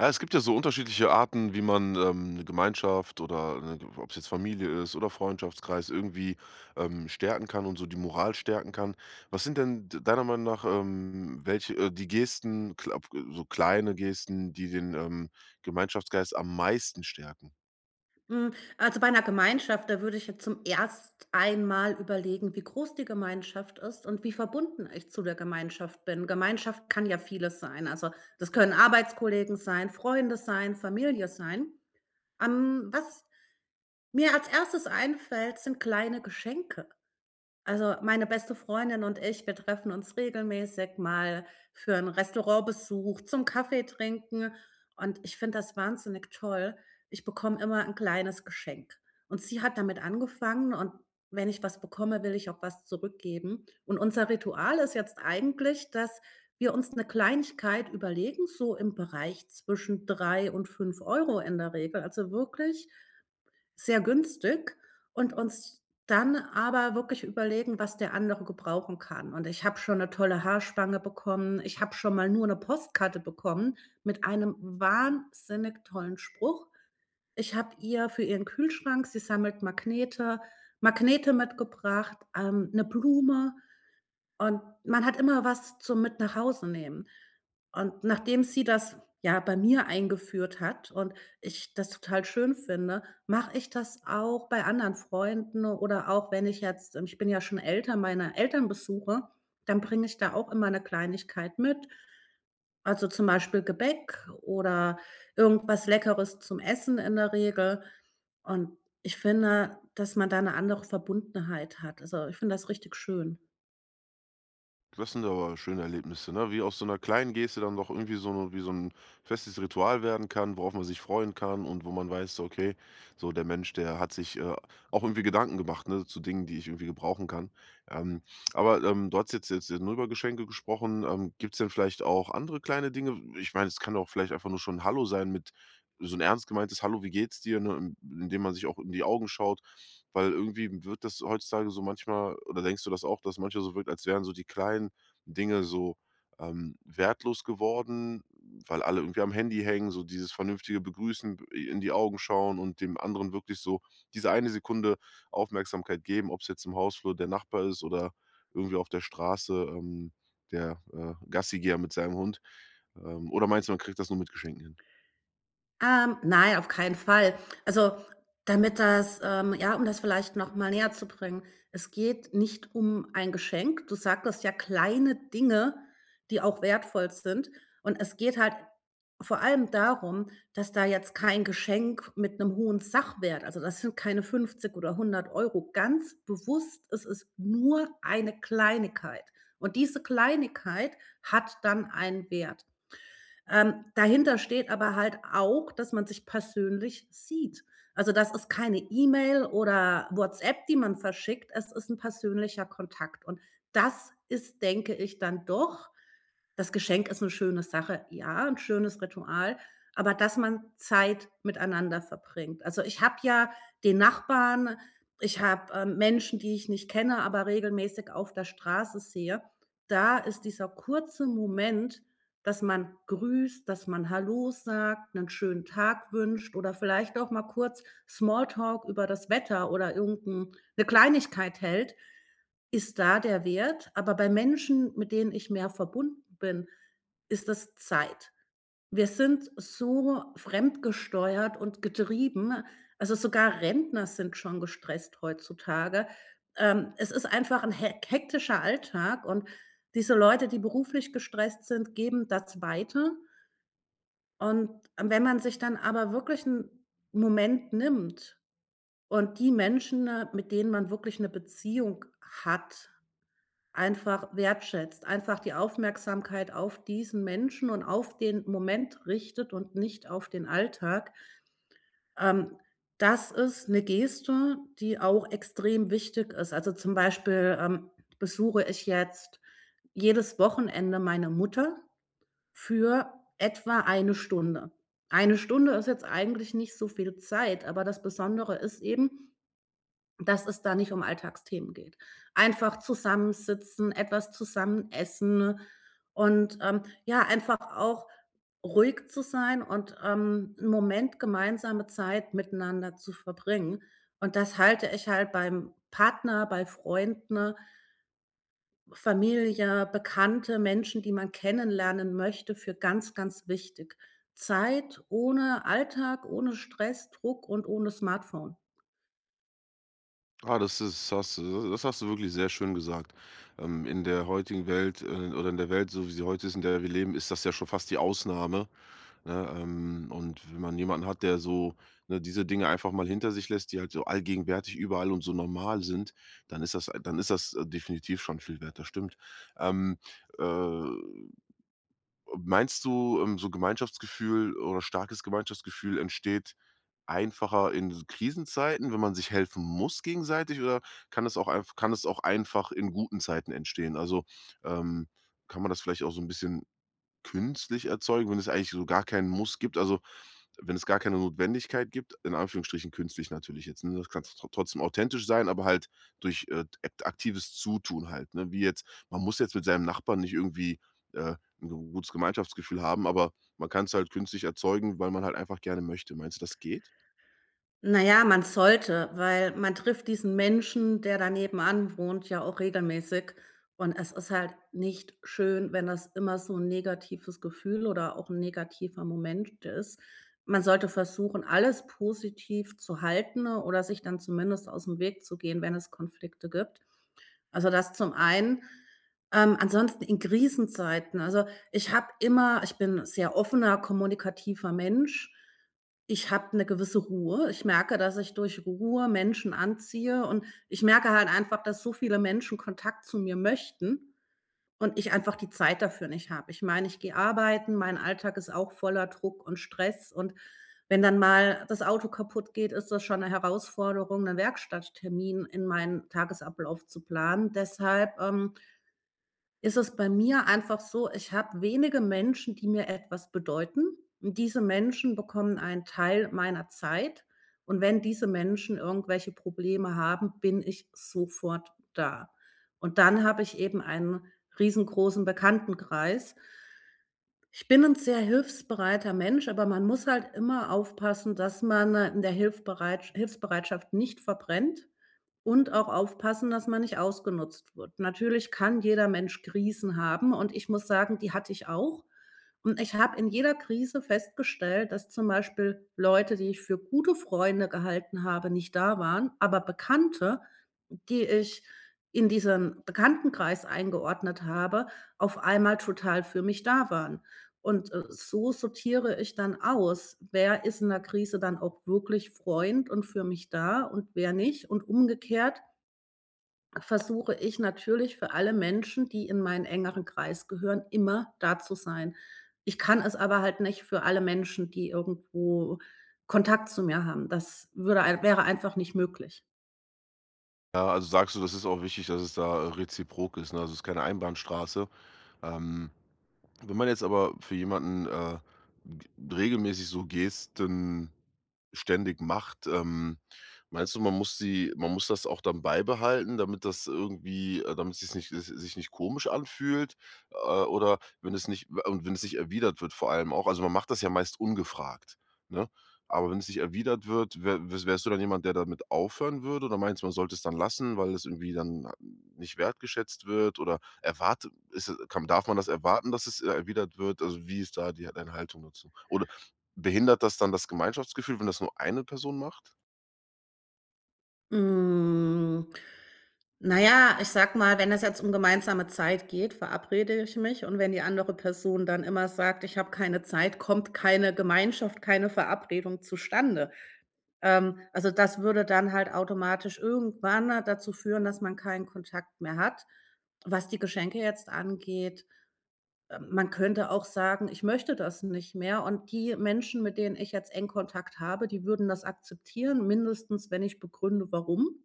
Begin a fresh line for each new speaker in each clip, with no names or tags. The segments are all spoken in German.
Ja, es gibt ja so unterschiedliche Arten, wie man, ähm, 'ne Gemeinschaft oder, äh ob's jetzt Familie ist oder Freundschaftskreis irgendwie, ähm, stärken kann und so die Moral stärken kann. Was sind denn d deiner Meinung nach, ähm welche äh, die Gesten, glaube, äh so kleine Gesten, die den, ähm, Gemeinschaftsgeist am meisten stärken?
Hm. Also, bei 'ner Gemeinschaft, da würde ich jetzt zum erst einmal überlegen, wie groß die Gemeinschaft ist und wie verbunden ich zu der Gemeinschaft bin. Gemeinschaft kann ja vieles sein. Also, das können Arbeitskollegen sein, Freunde sein, Familie sein. Ähm, was mir als Erstes einfällt, sind kleine Geschenke. Also, meine beste Freundin und ich, wir treffen uns regelmäßig mal für 'n Restaurantbesuch, zum Kaffee trinken und ich finde das wahnsinnig toll. Ich bekomme immer 'n kleines Geschenk. Und sie hat damit angefangen und wenn ich was bekomme, will ich auch was zurückgeben. Und unser Ritual ist jetzt eigentlich, dass wir uns 'ne Kleinigkeit überlegen so im Bereich zwischen 3 und 5 € in der Regel, also, wirklich sehr günstig und uns dann aber wirklich überlegen, was der andere gebrauchen kann. Und ich habe schon 'ne tolle Haarspange bekommen, ich habe schon mal nur 'ne Postkarte bekommen mit einem wahnsinnig tollen Spruch. Ich habe ihr für ihren Kühlschrank sie sammelt Magnete Magnete mitgebracht, ähm, 'ne Blume und man hat immer was zum mit nach Hause nehmen. Und nachdem sie das, ja, bei mir eingeführt hat und ich das total schön finde, mache ich das auch bei anderen Freunden oder auch wenn ich jetzt, ähm ich bin ja schon älter, meine Eltern besuche, dann bringe ich da auch immer 'ne Kleinigkeit mit. Also, zum Beispiel Gebäck oder irgendwas Leckeres zum Essen in der Regel und ich finde, dass man da 'ne andere Verbundenheit hat. Also, ich finde das richtig schön.
Das sind aber schöne Erlebnisse, ne? Wie aus so 'ner kleinen Geste dann doch irgendwie so no wie so 'n festes Ritual werden kann, worauf man sich freuen kann und wo man weiß so: „Okay, so der Mensch, der hat sich, äh, auch irgendwie Gedanken gemacht, ne, zu Dingen, die ich irgendwie gebrauchen kann.“ Ähm, aber, ähm, du hast jetzt jetzt ja nur über Geschenke gesprochen. Ähm, gibt's denn vielleicht auch andere kleine Dinge? W ich meine, es kann auch vielleicht einfach nur schon 'n Hallo sein mit so 'n ernst gemeintes „Hallo, wie geht's dir“, ne? Indem man sich auch in die Augen schaut, weil irgendwie wird das heutzutage so manchmal oder denkst du das auch, dass es manchmal so wirkt, als wären so die kleinen Dinge so, ähm, wertlos geworden, weil alle irgendwie am Handy hängen, so dieses vernünftige begrüßen, i in die Augen schauen und dem anderen wirklich so diese eine Sekunde Aufmerksamkeit geben, ob's jetzt im Hausflur der Nachbar ist oder irgendwie auf der Straße, ähm, der, äh, Gassi-Geher mit seinem Hund. Ähm, oder meinst du, man kriegt das nur mit Geschenken hin?
Ähm, nein, auf keinen Fall. Also, damit das ähm, ja, um das vielleicht noch mal näherzubringen, es geht nicht um ein Geschenk. Du sagtest ja kleine Dinge, die auch wertvoll sind. Und es geht halt vor allem darum, dass da jetzt kein Geschenk mit 'nem hohen Sachwert also, das sind keine 50 € oder 100 €, ganz bewusst, es ist nur eine Kleinigkeit. Und diese Kleinigkeit hat dann einen Wert. Ähm, dahinter steht aber halt auch, dass man sich persönlich sieht. Also, das ist keine E-Mail oder WhatsApp, die man verschickt. Es ist 'n persönlicher Kontakt und das ist, denke ich, dann doch das Geschenk ist 'ne schöne Sache, ja, 'n schönes Ritual, aber dass man Zeit miteinander verbringt. Also, ich habe ja den Nachbarn, ich habe, ähm, Menschen, die ich nicht kenne, aber regelmäßig auf der Straße sehe, da ist dieser kurze Moment, dass man grüßt, dass man Hallo sagt, 'nen schönen Tag wünscht oder vielleicht auch mal kurz Small Talk über das Wetter oder irgend 'n 'ne Kleinigkeit hält, ist da der Wert. Aber bei Menschen, mit denen ich mehr verbunden bin, ist das Zeit. Wir sind so fremdgesteuert und getrieben, also, sogar Rentner sind schon gestresst heutzutage. Ähm, es ist einfach 'n hek hektischer Alltag und diese Leute, die beruflich gestresst sind, geben das weiter und wenn man sich dann aber wirklich 'n Moment nimmt und die Menschen, mit denen man wirklich 'ne Beziehung hat, einfach wertschätzt, einfach die Aufmerksamkeit auf diesen Menschen und auf den Moment richtet und nicht auf den Alltag ähm, das ist 'ne Geste, die auch extrem wichtig ist. Also, zum Beispiel, ähm, besuche ich jetzt jedes Wochenende meine Mutter für etwa 1 Stunde. 1 Stunde ist jetzt eigentlich nicht so viel Zeit, aber das Besondere ist eben, dass es da nicht um Alltagsthemen geht. Einfach zusammensitzen, etwas zusammen essen und, ähm, ja, einfach auch ruhig zu sein und, ähm, 'n Moment gemeinsame Zeit miteinander zu verbringen. Und das halte ich halt beim Partner, bei Freunden Familie, Bekannte, Menschen, die man kennenlernen möchte, für ganz, ganz wichtig. Zeit ohne Alltag, ohne Stress, Druck und ohne Smartphone.
Ah, das ist das hast du das hast du wirklich sehr schön gesagt, ähm, in der heutigen Welt äh, oder in der Welt, so wie sie heute ist, in der wir leben, ist das ja schon fast die Ausnahme, ne, ähm, und wenn man jemanden hat, der so, ne, diese Dinge einfach mal hinter sich lässt, die halt so allgegenwärtig überall und so normal sind, dann ist das dann ist das definitiv schon viel wert. Das stimmt. Ähm, äh, meinst du, ähm, so Gemeinschaftsgefühl oder starkes Gemeinschaftsgefühl entsteht einfacher in s Krisenzeiten, wenn man sich helfen muss gegenseitig, oder kann es auch einf kann es auch einfach in guten Zeiten entstehen? Also, ähm, kann man das vielleicht auch so 'n bisschen künstlich erzeugen, wenn es eigentlich so gar keinen Muss gibt also, wenn es gar keine Notwendigkeit gibt? In Anführungsstrichen künstlich natürlich jetzt, ne, das kann's trotzdem authentisch sein, aber halt durch, äh, d äk aktives Zutun halt, ne? Wie jetzt, man muss jetzt mit seinem Nachbarn nicht irgendwie, äh, 'n gutes Gemeinschaftsgefühl haben, aber man kann's halt künstlich erzeugen, weil man halt einfach gerne möchte. Meinst du, das geht?
Na ja, man sollte, weil man trifft diesen Menschen, der dann nebenan wohnt, ja auch regelmäßig und es ist halt nicht schön, wenn das immer so 'n negatives Gefühl oder auch 'n negativer Moment ist. Man sollte versuchen, alles positiv zu halten oder sich dann zumindest ausm Weg zu gehen, wenn es Konflikte gibt. Also, das zum einen, ähm, ansonsten in Krisenzeiten, also, ich habe immer ich bin 'n sehr offener, kommunikativer Mensch, ich habe 'ne gewisse Ruhe. Ich merke, dass ich durch Ruhe Menschen anziehe, und ich merke halt einfach, dass so viele Menschen Kontakt zu mir möchten und ich einfach die Zeit dafür nicht habe. Ich meine, ich gehe arbeiten, mein Alltag ist auch voller Druck und Stress, und wenn dann mal das Auto kaputtgeht, ist das schon 'ne Herausforderung, 'ne Werkstatttermin in meinen Tagesablauf zu planen. Deshalb ähm ist es bei mir einfach so, ich habe wenige Menschen, die mir etwas bedeuten, und diese Menschen bekommen einen Teil meiner Zeit, und wenn diese Menschen irgendwelche Probleme haben, bin ich sofort da, und dann habe ich eben einen riesengroßen Bekanntenkreis. Ich bin 'n sehr hilfsbereiter Mensch, aber man muss halt immer aufpassen, dass man in der Hilfbereitsch Hilfsbereitschaft nicht verbrennt, und auch aufpassen, dass man nicht ausgenutzt wird. Natürlich kann jeder Mensch Krisen haben und ich muss sagen, die hatte ich auch, und ich habe in jeder Krise festgestellt, dass zum Beispiel Leute, die ich für gute Freunde gehalten habe, nicht da waren, aber Bekannte, die ich in diesem Bekanntenkreis eingeordnet habe, auf einmal total für mich da waren. Und, äh, so sortiere ich dann aus, wer ist in der Krise dann auch wirklich Freund und für mich da und wer nicht, und umgekehrt versuche ich natürlich, für alle Menschen, die in meinen engeren Kreis gehören, immer da zu sein. Ich kann es aber halt nicht für alle Menschen, die irgendwo Kontakt zu mir haben, das würde ein wäre einfach nicht möglich.
Ja, also, sagst du, das ist auch wichtig, dass es da, äh, reziprok ist, ne, also, ist keine Einbahnstraße. Ähm, wenn man jetzt aber für jemanden, äh, g regelmäßig so Gesten ständig macht, ähm, meinst du, man muss sie man muss das auch dann beibehalten, damit das irgendwie äh, damit sich's nicht es sich nicht komisch anfühlt, äh, oder wenn es nicht äh, und wenn es nicht erwidert wird, vor allem auch also, man macht das ja meist ungefragt, ne, aber wenn es nicht erwidert wird, wä w wärst du dann jemand, der damit aufhören würde, oder meinst du, man sollte es dann lassen, weil es irgendwie dann n nicht wertgeschätzt wird oder erwartet ist kann darf man das erwarten, dass es, äh, erwidert wird? Also, wie ist da die deine Haltung dazu? Oder behindert das dann das Gemeinschaftsgefühl, wenn das nur eine Person macht?
Hm, na ja, ich sage mal, wenn es jetzt um gemeinsame Zeit geht, verabrede ich mich und wenn die andere Person dann immer sagt: „Ich habe keine Zeit“, kommt keine Gemeinschaft, keine Verabredung zustande, ähm, also das würde dann halt automatisch irgendwann dazu führen, dass man keinen Kontakt mehr hat. Was die Geschenke jetzt angeht äh, man könnte auch sagen: „Ich möchte das nicht mehr”, und die Menschen, mit denen ich jetzt engen Kontakt habe, die würden das akzeptieren, mindestens wenn ich begründe, warum.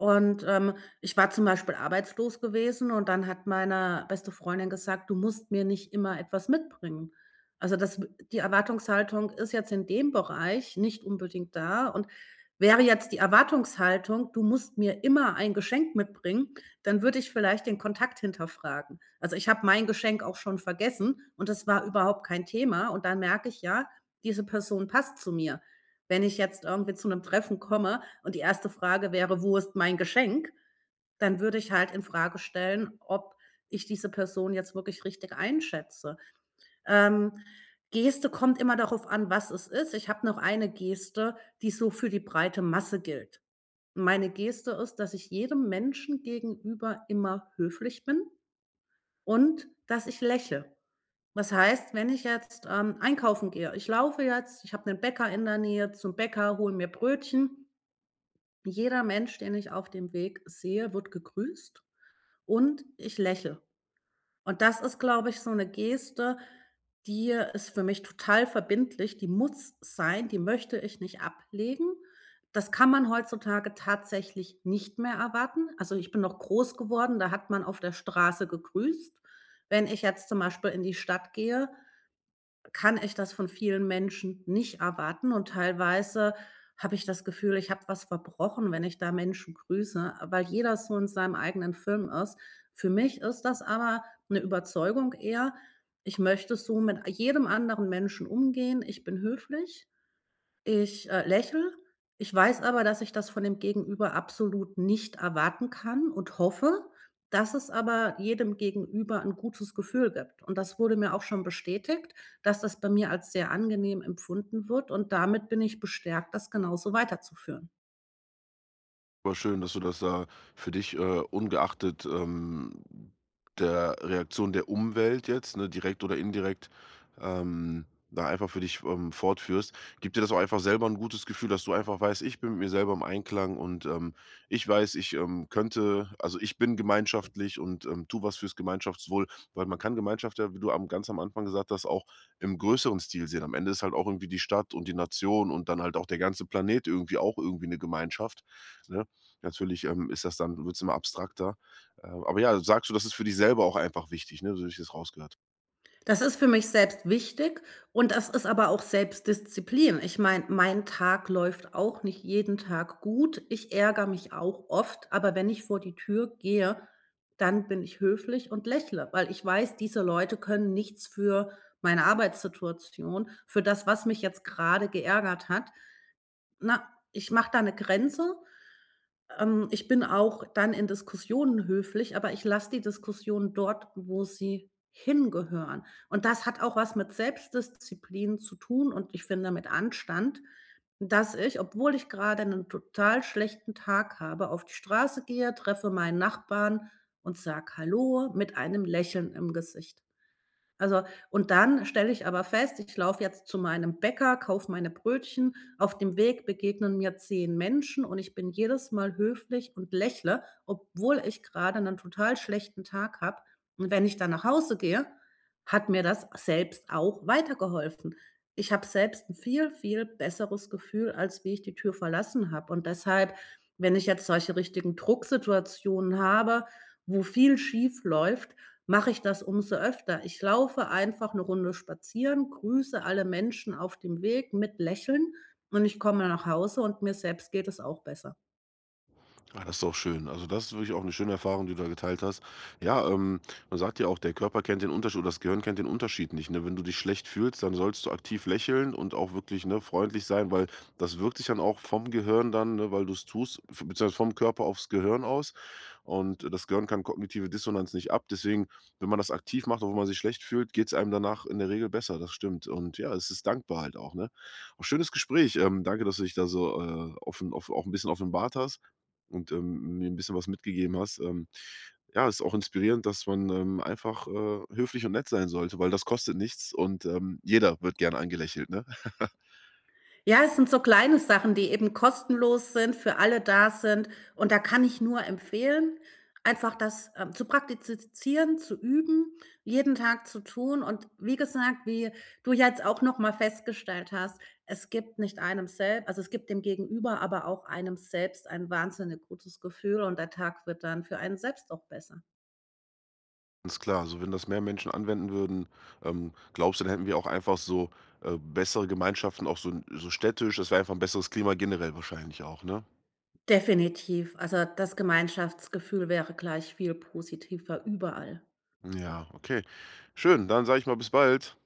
Und, ähm, ich war zum Beispiel arbeitslos gewesen und dann hat meine beste Freundin gesagt: „Du musst mir nicht immer etwas mitbringen.“ Also, das w die Erwartungshaltung ist jetzt in dem Bereich nicht unbedingt da und wäre jetzt die Erwartungshaltung: „Du musst mir immer ein Geschenk mitbringen“, dann würde ich vielleicht den Kontakt hinterfragen. Also, ich habe mein Geschenk auch schon vergessen und das war überhaupt kein Thema und dann merke ich: „Ja, diese Person passt zu mir.“ Wenn ich jetzt irgendwie zu 'nem Treffen komme und die erste Frage wäre: „Wo ist mein Geschenk?“, dann würde ich halt infrage stellen, ob ich diese Person jetzt wirklich richtig einschätze. Ähm, Geste kommt immer darauf an, was es ist. Ich habe noch eine Geste, die so für die breite Masse gilt. Meine Geste ist, dass ich jedem Menschen gegenüber immer höflich bin und dass ich lächel, das heißt, wenn ich jetzt, ähm, einkaufen gehe ich laufe jetzt, ich habe 'nen Bäcker in der Nähe zum Bäcker, hole mir Brötchen. Jeder Mensch, den ich auf dem Weg sehe, wird gegrüßt und ich lächel, und das ist, glaube ich, so 'ne Geste, die ist für mich total verbindlich, die muss sein, die möchte ich nicht ablegen. Das kann man heutzutage tatsächlich nicht mehr erwarten. Also, ich bin noch groß geworden, da hat man auf der Straße gegrüßt. Wenn ich jetzt zum Beispiel in die Stadt gehe, kann ich das von vielen Menschen nicht erwarten und teilweise habe ich das Gefühl, ich habe was verbrochen, wenn ich da Menschen grüße, äh, weil jeder so in seinem eigenen Film ist. Für mich ist das aber 'ne Überzeugung eher ich möchte so mit jedem anderen Menschen umgehen, ich bin höflich, ich, äh, lächel, ich weiß aber, dass ich das von dem Gegenüber absolut nicht erwarten kann, und hoffe, dass es aber jedem Gegenüber 'n gutes Gefühl gibt. Und das wurde mir auch schon bestätigt, dass das bei mir als sehr angenehm empfunden wird, und damit bin ich bestärkt, das genauso weiterzuführen.
Aber schön, dass du das da für dich, äh, ungeachtet, ähm der Reaktion der Umwelt jetzt, ne, direkt oder indirekt, ähm, da einfach für dich, ähm, fortführst. Gibt dir das auch einfach selber 'n gutes Gefühl, dass du einfach weißt: „Ich bin mit mir selber im Einklang und, ähm, ich weiß, ich, ähm, könnte also, ich bin gemeinschaftlich und, ähm, tue was fürs Gemeinschaftswohl“, weil man kann Gemeinschaft ja, wie du am ganz am Anfang gesagt hast, auch im größeren Stil sehen. Am Ende ist halt auch irgendwie die Stadt und die Nation und dann halt auch der ganze Planet irgendwie auch irgendwie 'ne Gemeinschaft, ne? Natürlich, ähm, ist das dann wird's immer abstrakter. Äh, aber ja, sagst du, das ist für dich selber auch einfach wichtig, ne? So habe ich es rausgehört.
Das ist für mich selbst wichtig und das ist aber auch Selbstdisziplin. Ich meine, mein Tag läuft auch nicht jeden Tag gut, ich ärgere mich auch oft, aber wenn ich vor die Tür gehe, dann bin ich höflich und lächele, weil ich weiß, diese Leute können nichts für meine Arbeitssituation, für das, was mich jetzt grade geärgert hat na, ich mache da 'ne Grenze. Ähm, ich bin auch dann in Diskussionen höflich, aber ich lasse die Diskussion dort, wo sie hingehören und das hat auch was mit Selbstdisziplin zu tun und ich finde mit Anstand, dass ich, obwohl ich gerade 'nen total schlechten Tag habe, auf die Straße gehe, treffe meinen Nachbarn und sage: „Hallo“ mit einem Lächeln im Gesicht. Also und dann stelle ich aber fest, ich laufe jetzt zu meinem Bäcker, kaufe meine Brötchen. Auf dem Weg begegnen mir 10 Menschen und ich bin jedes Mal höflich und lächele, obwohl ich gerade 'nen total schlechten Tag habe. Und wenn ich dann nach Hause gehe, hat mir das selbst auch weitergeholfen, ich hab selbst 'n viel, viel besseres Gefühl, als wie ich die Tür verlassen habe und deshalb, wenn ich jetzt solche richtigen Drucksituationen habe, wo viel schiefläuft, mache ich das umso öfter, ich laufe einfach 'ne Runde spazieren, grüße alle Menschen auf dem Weg mit Lächeln und ich komme nach Hause und mir selbst geht es auch besser.
Ah, das ist auch schön. Also, das ist wirklich auch 'ne schöne Erfahrung, die du da geteilt hast. Ja, ähm, man sagt ja auch, der Körper kennt den Untersch oder das Gehirn kennt den Unterschied nicht, ne? Wenn du dich schlecht fühlst, dann sollst du aktiv lächeln und auch wirklich, ne, freundlich sein, weil das wirkt sich dann auch vom Gehirn dann, ne, weil du's tust f beziehungsweise vom Körper aufs Gehirn aus. Und das Gehirn kann kognitive Dissonanz nicht ab. Deswegen, wenn man das aktiv macht, obwohl man sich schlecht fühlt, geht's einem danach in der Regel besser, das stimmt. Und ja, es ist dankbar halt auch, ne? Auch schönes Gespräch. Ähm, danke, dass du dich da so, äh, offen auf auch 'n bisschen offenbart hast und, ähm, mir 'n bisschen was mitgegeben hast. Ähm, ja, ist auch inspirierend, dass man, ähm, einfach, äh, höflich und nett sein sollte, weil das kostet nichts und, ähm, jeder wird gern angelächelt, ne?
Ja, es sind so kleine Sachen, die eben kostenlos sind, für alle da sind. Und da kann ich nur empfehlen, einfach das, ähm, zu praktizieren, zu üben, jeden Tag zu tun. Und wie gesagt, wie du ja jetzt auch noch mal festgestellt hast, es gibt nicht einem selb also, es gibt dem Gegenüber, aber auch einem selbst ein wahnsinnig gutes Gefühl und der Tag wird dann für einen selbst auch besser.
Ist klar. Also, wenn das mehr Menschen anwenden würden, ähm, glaubst du, dann hätten wir auch einfach so, äh, bessere Gemeinschaften, auch so in so städtisch? Das wäre einfach 'n besseres Klima generell wahrscheinlich auch, ne?
Definitiv. Also, das Gemeinschaftsgefühl wäre gleich viel positiver überall.
Ja, okay. Schön, dann sage ich mal, bis bald.